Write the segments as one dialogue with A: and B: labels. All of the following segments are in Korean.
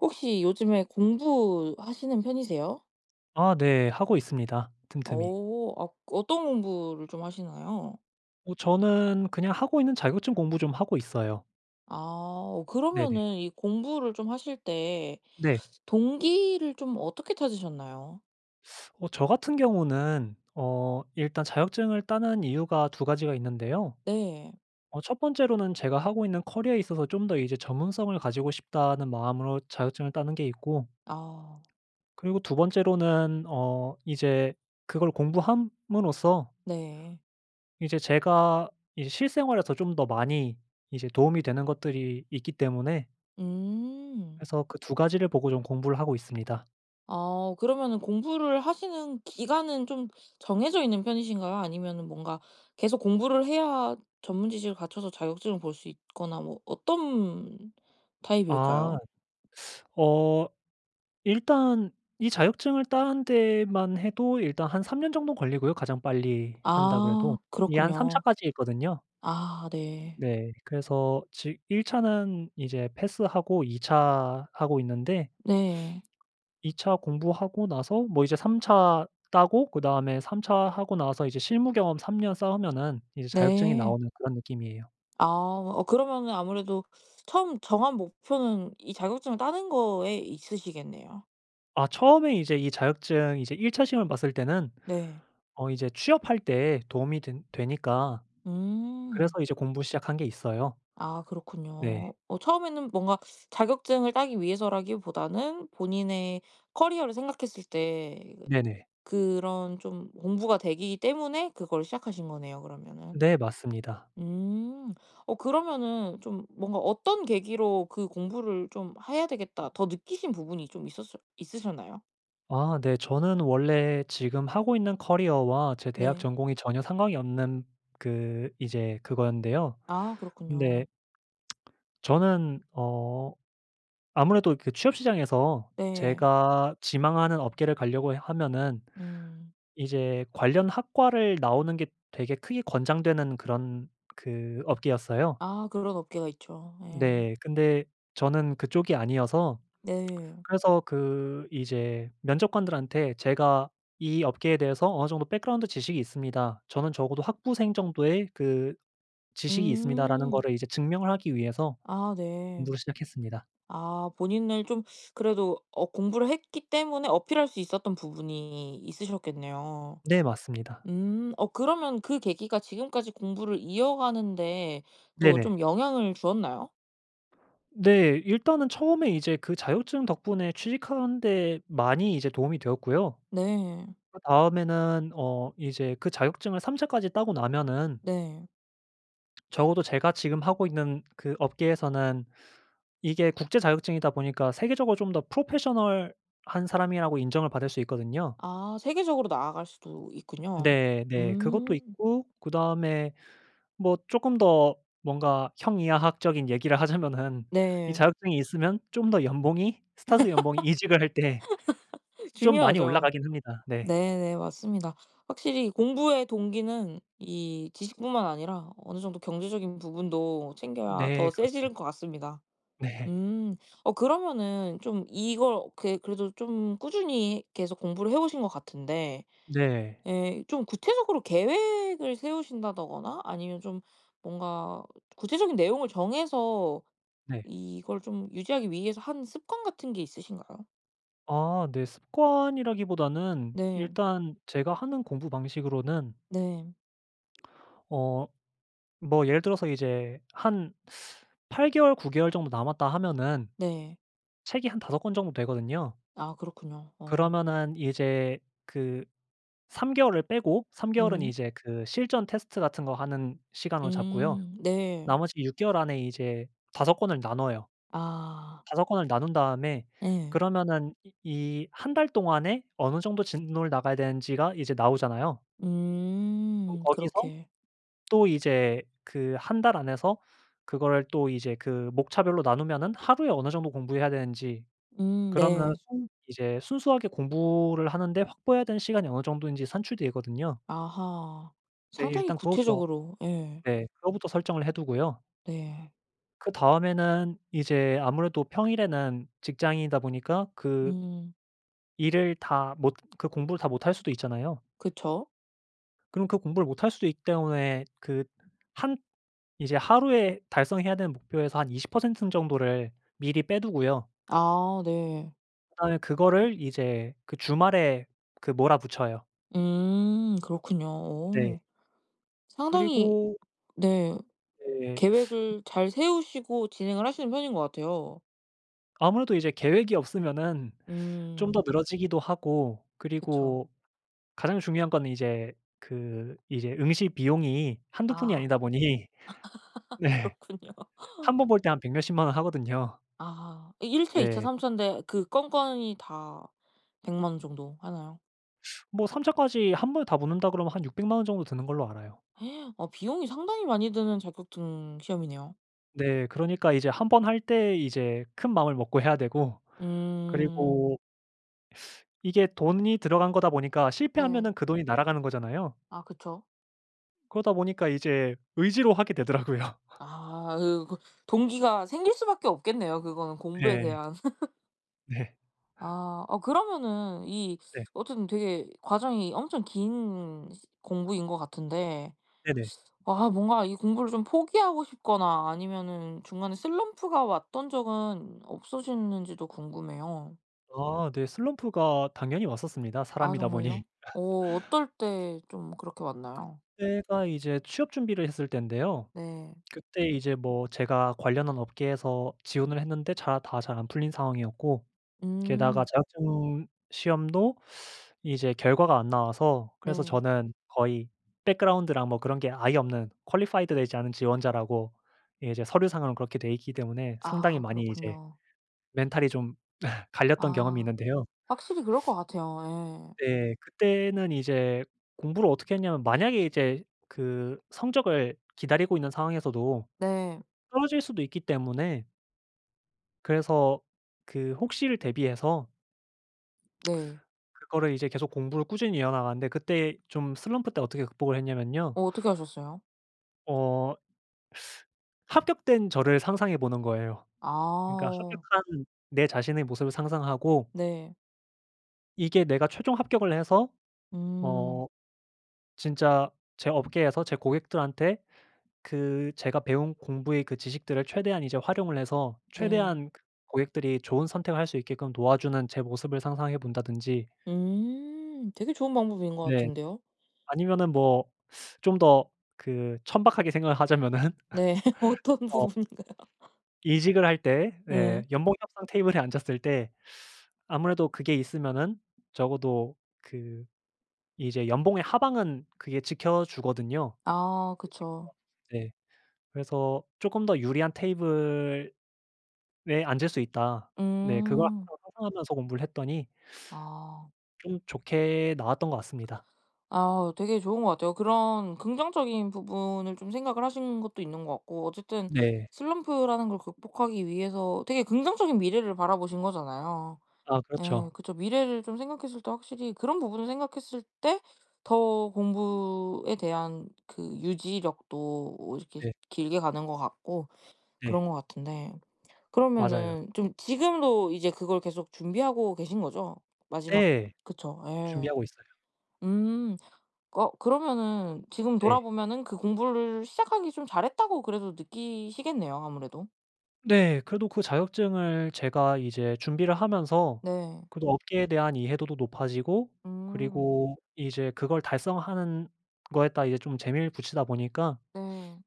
A: 혹시 요즘에 공부하시는 편이세요?
B: 아 네. 하고 있습니다 틈틈이.
A: 어. 아 어떤 공부를 좀 하시나요?
B: 어 저는 그냥 하고 있는 자격증 공부 좀 하고 있어요.
A: 아. 어
B: 네네.
A: 그러면은 이 공부를 좀 하실 때
B: 네.
A: 동기를 좀 어떻게 찾으셨나요?
B: 어 저 같은 경우는 어 일단 자격증을 따는 이유가 2 가지가 있는데요.
A: 네.
B: 어 1 번째로는 제가 하고 있는 커리어에 있어서 '좀 더 이제 전문성을 가지고 싶다.'는 마음으로 자격증을 따는 게 있고.
A: 아.
B: 그리고 2 번째로는 어 이제 그걸 공부함으로써
A: 네.
B: 이제 제가 이제 실생활에서 좀 더 많이 이제 도움이 되는 것들이 있기 때문에
A: 음.
B: 그래서 그 2 가지를 보고 좀 공부를 하고 있습니다.
A: 아. 그러면은 공부를 하시는 기간은 좀 정해져 있는 편이신가요? 아니면은 뭔가 계속 공부를 해야 전문지식을 갖춰서 자격증을 볼 수 있거나 뭐 어떤
B: 아.
A: 타입일까요?
B: 어 일단 이 자격증을 따는 데만 해도 일단 한 3 년 정도 걸리고요 가장 빨리 한다 그래도.
A: 아.
B: 이게 한 3
A: 그렇군요.
B: 차까지 있거든요.
A: 아 네.
B: 네. 그래서 지 1 차는 이제 패스하고 2 차 하고 있는데
A: 네.
B: 2 차 공부하고 나서 뭐 이제 3 차 따고 그다음에 3 차 하고 나서 이제 실무 경험 3 년 쌓으면은 이제 자격증이
A: 네.
B: 나오는 그런 느낌이에요.
A: 아. 어 그러면은 아무래도 처음 정한 목표는 이 자격증을 따는 거에 있으시겠네요.
B: 아 처음에 이제 이 자격증 이제 1 차 시험을 봤을 때는
A: 네.
B: 어 이제 취업할 때에 도움이 된 되니까 그래서
A: 음.
B: 이제 공부 시작한 게 있어요.
A: 아
B: 네.
A: 그렇군요. 어 처음에는 뭔가 자격증을 따기 위해서라기보다는 본인의 커리어를 생각했을 때
B: 네네.
A: 그 그런 좀 공부가 되기 때문에 그거를 시작하신 거네요 그러면은.
B: 네 맞습니다.
A: 음. 어 그러면은 좀 뭔가 어떤 계기로 '그 공부를 좀 해야 되겠다.' 더 느끼신 부분이 좀 있었을 있으셨나요?
B: 아 네 저는 원래 지금 하고 있는 커리어와 제 대학
A: 네.
B: 전공이 전혀 상관이 없는 그 이제 그거였는데요.
A: 아
B: 근데
A: 그렇군요.
B: 저는 어 아무래도 그 취업 시장에서
A: 네.
B: 제가 지망하는 업계를 가려고 하면은
A: 음.
B: 이제 관련 학과를 나오는 게 되게 크게 권장되는 그런 그 업계였어요.
A: 아 그런 업계가 있죠. 예.
B: 네 근데 저는 그쪽이 아니어서
A: 네.
B: 그래서 그 이제 면접관들한테 "제가 이 업계에 대해서 어느 정도 백그라운드 지식이 있습니다. 저는 적어도 학부생 정도의 그 지식이 있습니다."라는
A: 음.
B: 거를 이제 증명을 하기 위해서
A: 아 네.
B: 공부를 시작했습니다.
A: 아 본인을 좀 그래도 어 공부를 했기 때문에 어필할 수 있었던 부분이 있으셨겠네요.
B: 네 맞습니다.
A: 음. 어 그러면 그 계기가 지금까지 공부를 이어가는 데 또
B: 네네.
A: 좀 영향을 주었나요?
B: 네. 일단은 처음에 이제 그 자격증 덕분에 취직하는 데 많이 이제 도움이 되었고요.
A: 네.
B: 그다음에는 어 이제 그 자격증을 3 차까지 따고 나면은
A: 네.
B: 적어도 제가 지금 하고 있는 그 업계에서는 이게 국제 자격증이다 보니까 세계적으로 좀 더 프로페셔널한 사람이라고 인정을 받을 수 있거든요.
A: 아 세계적으로 나아갈 수도 있군요.
B: 네. 네. 그것도
A: 음.
B: 있고 그다음에 뭐 쪼끔 더 뭔가 형이하학적인 얘기를 하자면은 이
A: 네.
B: 자격증이 있으면 좀 더 연봉이 스타트 연봉이 이직을 할 때 좀 많이
A: 중요하죠.
B: 올라가긴 합니다. 네.
A: 네네 맞습니다. 확실히 공부의 동기는 이 지식뿐만 아니라 어느 정도 경제적인 부분도 챙겨야
B: 네.
A: 더
B: 그렇죠.
A: 세지는 것 같습니다.
B: 네.
A: 음. 어 그러면은 좀 이걸 어떻게 그래도 좀 꾸준히 계속 공부를 해오신 것 같은데
B: 네.
A: 예 좀 구체적으로 계획을 세우신다더거나 아니면 좀 뭔가 구체적인 내용을 정해서
B: 네.
A: 이걸 좀 유지하기 위해서 하는 습관 같은 게 있으신가요?
B: 아 네 습관이라기보다는
A: 네.
B: 일단 제가 하는 공부 방식으로는
A: 네.
B: 어 뭐 예를 들어서 이제 한 8 개월 9 개월 정도 남았다 하면은
A: 네.
B: 책이 한 5 권 정도 되거든요.
A: 아 그렇군요. 어.
B: 그러면은 이제 그 3 개월을 빼고 3 개월은
A: 음.
B: 이제 그 실전 테스트 같은 거 하는 시간으로 잡고요.
A: 음 네.
B: 나머지 6 개월 안에 이제 5 권을 나눠요.
A: 아.
B: 5 권을 나눈 다음에
A: 예.
B: 그러면은 이 이 1 달 동안에 어느 정도 진도를 나가야 되는지가 이제 나오잖아요. 그럼
A: 음
B: 거기서
A: 그렇게.
B: 또 이제 그 1 달 안에서 그거를 또 이제 그 목차별로 나누면은 하루에 어느 정도 공부해야 되는지
A: 음
B: 그러면
A: 네.
B: 순 이제 순수하게 공부를 하는데 확보해야 되는 시간이 어느 정도인지 산출되거든요.
A: 아하.
B: 네.
A: 상당히
B: 일단 그거부터
A: 구체적으로 예.
B: 네 그거부터 설정을 해두고요.
A: 네.
B: 그다음에는 이제 아무래도 평일에는 직장인이다 보니까 그
A: 음.
B: 일을 다 못 그 공부를 다 못 할 수도 있잖아요.
A: 그쵸.
B: 그럼 그 공부를 못할 수도 있기 때문에 그 한 이제 하루에 달성해야 되는 목표에서 한 20% 정도를 미리 빼 두고요.
A: 아 네.
B: 그다음에 그거를 이제 그 주말에 그 몰아붙여요.
A: 음 그렇군요.
B: 네.
A: 어. 상당히
B: 그리고
A: 네
B: 네.
A: 계획을 잘 세우시고 진행을 하시는 편인 것 같아요.
B: 아무래도 이제 계획이 없으면은 좀 더
A: 음.
B: 늘어지기도 하고
A: 그쵸.
B: 그리고 가장 중요한 거는 이제 그 이제 응시 비용이 한두 푼이
A: 아.
B: 아니다 보니 네
A: 그렇군요.
B: 1 번 볼 때 한 백 몇십만 원 하거든요.
A: 아 1 차 2 차
B: 네.
A: 3 찬데 그 건건이 다 1,000,000 원 정도 하나요?
B: 뭐 3 차까지 1 번에 다 붙는다 그러면 한 6,000,000 원 정도 드는 걸로 알아요.
A: 어 비용이 상당히 많이 드는 자격증 시험이네요.
B: 네 그러니까 이제 1 번 할 때 이제 큰 마음을 먹고 해야 되고
A: 음.
B: 그리고 이게 돈이 들어간 거다 보니까
A: 네.
B: 실패하면은 그 돈이 날아가는 거잖아요.
A: 아 그쵸.
B: 그러다 보니까 이제 의지로 하게 되더라고요.
A: 아 으 그 동기가 생길 수 밖에 없겠네요 그거는 공부에
B: 네.
A: 대한.
B: 네.
A: 아 어 그러면은 이
B: 네.
A: 어쨌든 되게 과정이 엄청 긴 공부인 거 같은데
B: 네네.
A: 아 뭔가 이 공부를 좀 포기하고 싶거나 아니면은 중간에 슬럼프가 왔던 적은 없으셨는지도 궁금해요.
B: 아 네. 슬럼프가 당연히 왔었습니다
A: 아
B: 사람이다 보니.
A: 정말요? 어 어떨 때 좀 그렇게 왔나요?
B: 그때가 이제 취업 준비를 했을 땐데요.
A: 네.
B: 그때 이제 뭐 제가 관련한 업계에서 지원을 했는데 자 다 잘 안 풀린 상황이었고 게다가
A: 음.
B: 자격증 시험도 이제 결과가 안 나와서 그래서
A: 네.
B: 저는 거의 background랑 뭐 그런 게 아예 없는 qualified 되지 않은 지원자라고 예 이제 서류 상으로 그렇게 돼 있기 때문에 상당히
A: 아
B: 많이 이제
A: 그렇군요.
B: 멘탈이 좀 갈렸던 경험이
A: 아.
B: 있는데요.
A: 확실히 그럴 것 같아요. 예.
B: 네 그때는 이제 공부를 어떻게 했냐면 만약에 이제 그 성적을 기다리고 있는 상황에서도
A: 네.
B: 떨어질 수도 있기 때문에 그래서 그 혹시를 대비해서
A: 네.
B: 그거를 이제 계속 공부를 꾸준히 이어나갔는데 그때 좀 슬럼프 때 어떻게 극복을 했냐면요.
A: 어 어떻게 하셨어요?
B: 어 합격된 저를 상상해 보는 거예요. 그러니까
A: 아.
B: 합격한 내 자신의 모습을 상상하고
A: 네.
B: 이게 내가 최종 합격을 해서
A: 음.
B: 어 진짜 제 업계에서 제 고객들한테 그 제가 배운 공부의 그 지식들을 최대한 이제 활용을 해서
A: 네.
B: 최대한 고객들이 좋은 선택을 할 수 있게끔 도와주는 제 모습을 상상해 본다든지
A: 음 되게 좋은 방법인 거
B: 네.
A: 같은데요.
B: 아니면은 뭐 좀 더 그 천박하게 생각을 하자면은
A: 네. 어떤
B: 어
A: 부분인가요?
B: 이직을 할 때 네.
A: 네.
B: 연봉 협상 테이블에 앉았을 때 아무래도 그게 있으면은 적어도 그 이제 연봉의 하방은 그게 지켜주거든요.
A: 아
B: 그런 식으로
A: 그쵸.
B: 하면서 네. 그래서 '조금 더 유리한 테이블에 앉을 수 있다.' 네. 그걸
A: 음.
B: 항상 상상하면서 공부를 했더니
A: 아.
B: 좀 좋게 나왔던 거 같습니다.
A: 아 되게 좋은 것 같아요. 그런 긍정적인 부분을 좀 생각을 하신 것도 있는 거 같고 어쨌든
B: 네.
A: 슬럼프라는 걸 극복하기 위해서 되게 긍정적인 미래를 바라보신 거잖아요.
B: 아
A: 예.
B: 그렇죠.
A: 그쵸. 미래를 좀 생각했을 때 확실히 그런 부분을 생각했을 때 더 공부에 대한 그 유지력도 이렇게
B: 네.
A: 길게 가는 거 같고
B: 네.
A: 그런 거 같은데
B: 맞아요.
A: 그러면은 좀 지금도 이제 그걸 계속 준비하고 계신 거죠? 마지막
B: 네.
A: 그쵸. 예.
B: 준비하고 있어요.
A: 음 꺼 그러면은 지금
B: 네.
A: 돌아보면은 그 '공부를 시작하기 좀 잘했다.'고 그래도 느끼시겠네요 아무래도.
B: 네 그래도 그 자격증을 제가 이제 준비를 하면서
A: 네.
B: 그래도 업계에 대한 이해도도 높아지고
A: 음.
B: 그리고 이제 그걸 달성하는 거에다 이제 좀 재미를 붙이다 보니까
A: 네.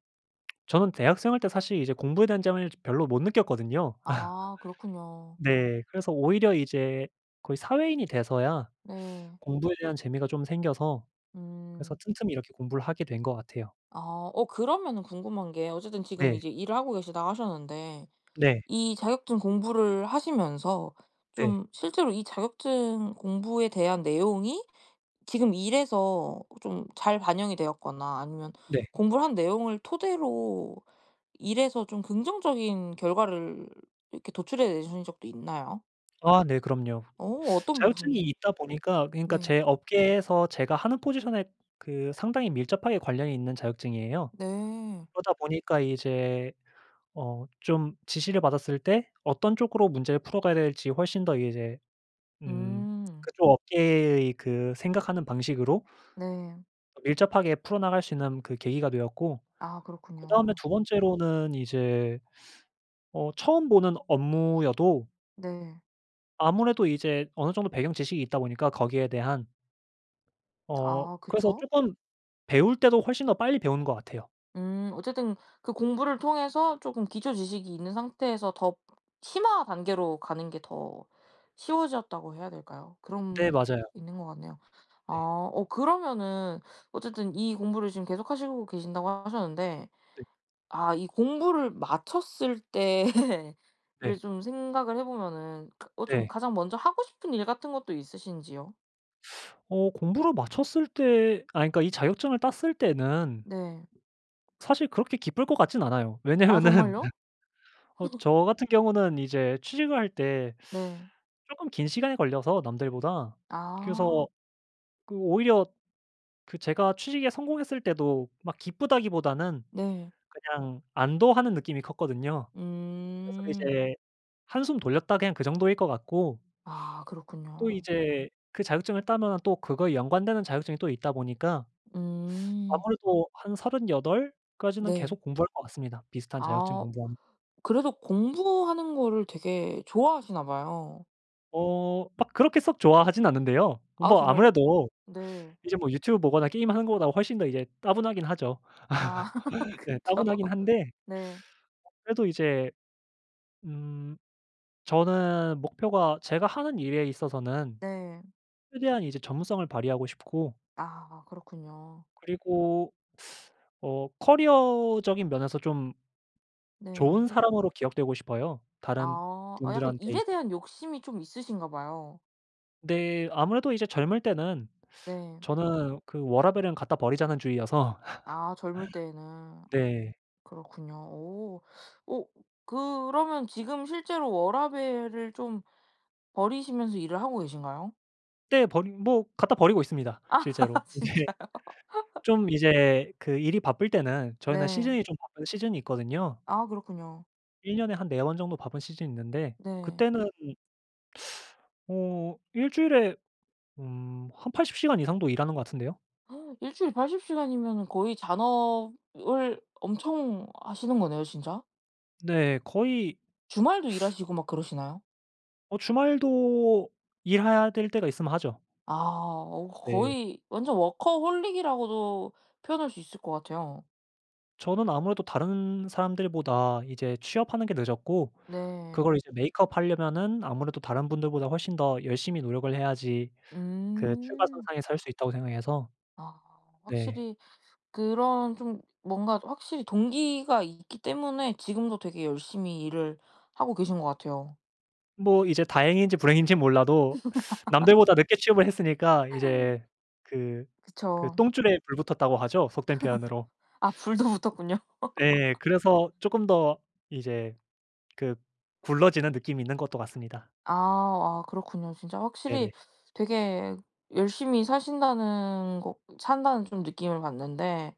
B: 저는 대학 생활 때 사실 이제 공부에 대한 점을 별로 못 느꼈거든요.
A: 아 그렇군요.
B: 네. 그래서 오히려 이제 거의 사회인이 돼서야
A: 네.
B: 공부에 대한 재미가 좀 생겨서 그래서
A: 음.
B: 틈틈히 이렇게 공부를 하게 된 것 같아요.
A: 아 어 그러면은 궁금한 게 어쨌든 지금
B: 네.
A: 이제 일을 하고 계시다고 하셨는데
B: 네.
A: 이 자격증 공부를 하시면서
B: 네.
A: 좀 실제로 이 자격증 공부에 대한 내용이 지금 일에서 좀 잘 반영이 되었거나 아니면
B: 네.
A: 공부를 한 내용을 토대로 일에서 좀 긍정적인 결과를 이렇게 도출해 내신 적도 있나요?
B: 아 네 그럼요.
A: 어 어떤
B: 자격증이
A: 부분이요?
B: 있다 보니까 그러니까
A: 네.
B: 제 업계에서 제가 하는 포지션에 그 상당히 밀접하게 관련이 있는 자격증이에요.
A: 네.
B: 그러다 보니까 이제 어 좀 지시를 받았을 때 어떤 쪽으로 문제를 풀어가야 될지 훨씬 더 이제 음
A: 음.
B: 그쪽 업계의 그 생각하는 방식으로
A: 네.
B: 밀접하게 풀어나갈 수 있는 그 계기가 되었고
A: 아
B: 그 다음에
A: 그렇군요.
B: 2 번째로는 이제 어 처음 보는 업무여도
A: 네.
B: 아무래도 이제 어느 정도 배경 지식이 있다 보니까 거기에 대한. 어
A: 아
B: 그래서
A: 그쵸.
B: 쪼끔 배울 때도 훨씬 더 빨리 배우는 것 같아요.
A: 음 어쨌든 그 공부를 통해서 조금 기초 지식이 있는 상태에서 더 심화 단계로 가는 게 더 쉬워졌다고 해야 될까요? 그런
B: 네
A: 게
B: 맞아요.
A: 있는 것 같네요. 아
B: 네.
A: 어 그러면은 어쨌든 이 공부를 지금 계속 하시고 계신다고 하셨는데
B: 네.
A: 아 이 공부를 마쳤을 때를
B: 네.
A: 좀 생각을 해보면은 그 어 좀
B: 네.
A: 가장 먼저 하고 싶은 일 같은 것도 있으신지요?
B: 어 공부를 마쳤을 때 아니 그러니까 이 자격증을 땄을 때는
A: 네.
B: 사실 그렇게 기쁠 것 같진 않아요.
A: 아
B: 왜냐면은
A: 정말요?
B: 어 저 같은 경우는 이제 취직을 할 때
A: 네.
B: 쪼끔 긴 시간이 걸려서 남들보다 그래서
A: 아.
B: 그 오히려 그 제가 취직에 성공했을 때도 막 기쁘다기보다는
A: 네.
B: 그냥 안도하는 느낌이 컸거든요. 그래서
A: 음.
B: 이제 '한숨 돌렸다.' 그냥 그 정도일 것 같고
A: 아
B: 또
A: 그렇군요.
B: 이제 그 자격증을 따면은 또 그거에 연관되는 자격증이 또 있다 보니까
A: 음.
B: 아무래도 한 38 까지는
A: 네.
B: 계속 공부할 것 같습니다 비슷한 자격증
A: 아.
B: 공부하면
A: 그래도 공부하는 거를 되게 좋아하시나 봐요.
B: 어 막 그렇게 썩 좋아하진 않는데요.
A: 아
B: 뭐
A: 정말요?
B: 아무래도
A: 네.
B: 이제 뭐 유튜브 보거나 게임하는 것보다 훨씬 더 이제 따분하긴 하죠.
A: 아
B: 네
A: 그쵸.
B: 따분하긴 한데
A: 네.
B: 어 그래도 이제 음 저는 목표가 제가 하는 일에 있어서는
A: 네.
B: 최대한 이제 전문성을 발휘하고 싶고
A: 아 그렇군요.
B: 그리고 어 커리어적인 면에서 좀
A: 네.
B: 좋은 사람으로 기억되고 싶어요 다른
A: 아 어 약간
B: 분들한테
A: 일에
B: 있어서
A: 대한 욕심이 좀 있으신가 봐요.
B: 네 아무래도 이제 젊을 때는
A: 네.
B: 저는 그 '워라밸은 갖다 버리자.'는 주의여서
A: 아 젊을 때에는.
B: 네.
A: 그렇군요. 오. 오 그러면 지금 실제로 워라밸을 좀 버리시면서 일을 하고 계신가요?
B: 떼 버리 뭐 갖다 버리고 있습니다
A: 아
B: 실제로. 이제
A: 진짜요?
B: 좀 이제 그 일이 바쁠 때는 저희는
A: 네.
B: 시즌이 좀 바쁜 시즌이 있거든요.
A: 아 그렇군요.
B: 1 년에 한 4 번 정도 바쁜 시즌이 있는데
A: 네.
B: 그때는 어 1 주일에 음 한 80 시간 이상도 일하는 것 같은데요.
A: 1 주일 80 시간이면은 거의 잔업을 엄청 하시는 거네요 진짜.
B: 네 거의
A: 주말도 일하시고 막 그러시나요?
B: 어 주말도 일해야 될 때가 있으면 하죠.
A: 아 어
B: 네.
A: 거의 완전 워커홀릭이라고도 표현할 수 있을 거 같아요.
B: 저는 아무래도 다른 사람들보다 이제 취업하는 게 늦었고
A: 네.
B: 그걸 이제 메이크업 하려면은 아무래도 '다른 분들보다 훨씬 더 열심히 노력을 해야지 그
A: 음.
B: 출발선상에 설 수 있다.'고 생각해서
A: 아
B: 네.
A: 확실히 그런 좀 뭔가 확실히 동기가 있기 때문에 지금도 되게 열심히 일을 하고 계신 거 같아요.
B: 뭐 이제 다행인지 불행인지 몰라도 남들보다 늦게 취업을 했으니까 이제 그 그
A: 그쵸.
B: "똥줄에 불 붙었다."고 하죠 속된 표현으로.
A: 아 불도 붙었군요.
B: 네. 그래서 조금 더 이제 그 굴러지는 느낌이 있는 것도 같습니다.
A: 아 아 그렇군요. 진짜
B: 네네.
A: 확실히 되게 열심히 사신다는 거 산다는 좀 느낌을 받는데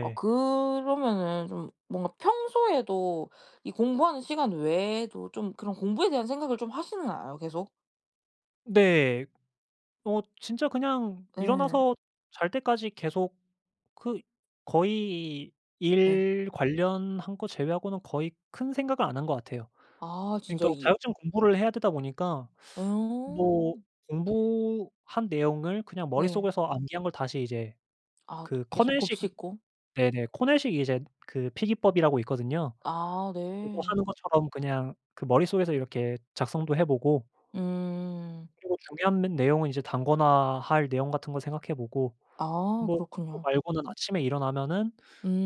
A: 어 그러면은 좀 뭔가 평소에도 이 공부하는 시간 외에도 좀 그런 공부에 대한 생각을 좀 하시나요? 계속?
B: 네. 어 진짜 그냥
A: 예.
B: 일어나서 잘 때까지 계속 그 거의
A: 예.
B: 일 관련한 거 제외하고는 거의 큰 생각을 안 한 것 같아요.
A: 아 진짜
B: 그러니까
A: 이 오
B: 자격증 공부를 해야 되다 보니까
A: 예. 오.
B: 뭐 공부한 내용을 그냥
A: 네.
B: 머릿속에서 암기한 걸 다시 이제
A: 아
B: 그
A: 계속
B: 커넬식
A: 곱씹고?
B: 네네 코넬식 이제 그 필기법이라고 있거든요.
A: 아
B: 그거
A: 네.
B: 하는 것처럼 그냥 그 머릿속에서 이렇게 작성도 해 보고
A: 음.
B: 그리고 중요한 메 내용은 이제 단권화할 내용 같은 거 생각해 보고
A: 아
B: 뭐 그거
A: 그렇군요.
B: 말고는 아침에 일어나면은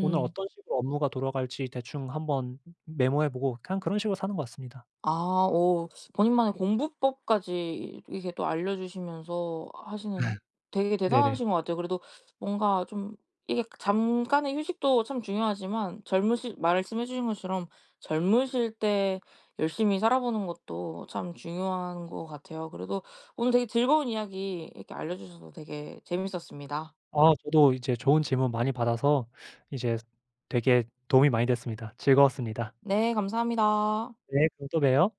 B: 오늘 어떤 식으로 업무가 돌아갈지 대충 한번 메모해 보고 그냥 그런 식으로 사는 것 같습니다.
A: 아 어 본인만의 공부법까지 이렇게 또 알려주시면서 하시는 되게
B: 네. 네.
A: 대단하신 거 같아요. 그래도 뭔가 좀 이게 잠깐의 휴식도 참 중요하지만 젊으실 말씀해 주신 것처럼 젊으실 때 열심히 살아 보는 것도 참 중요한 것 같아요. 그래도 오늘 되게 즐거운 이야기 이렇게 알려주셔서 되게 재미있었습니다.
B: 아 저도 이제 좋은 질문 많이 받아서 이제 되게 도움이 많이 됐습니다. 즐거웠습니다.
A: 네 감사합니다.
B: 네. 그럼 또 봬요.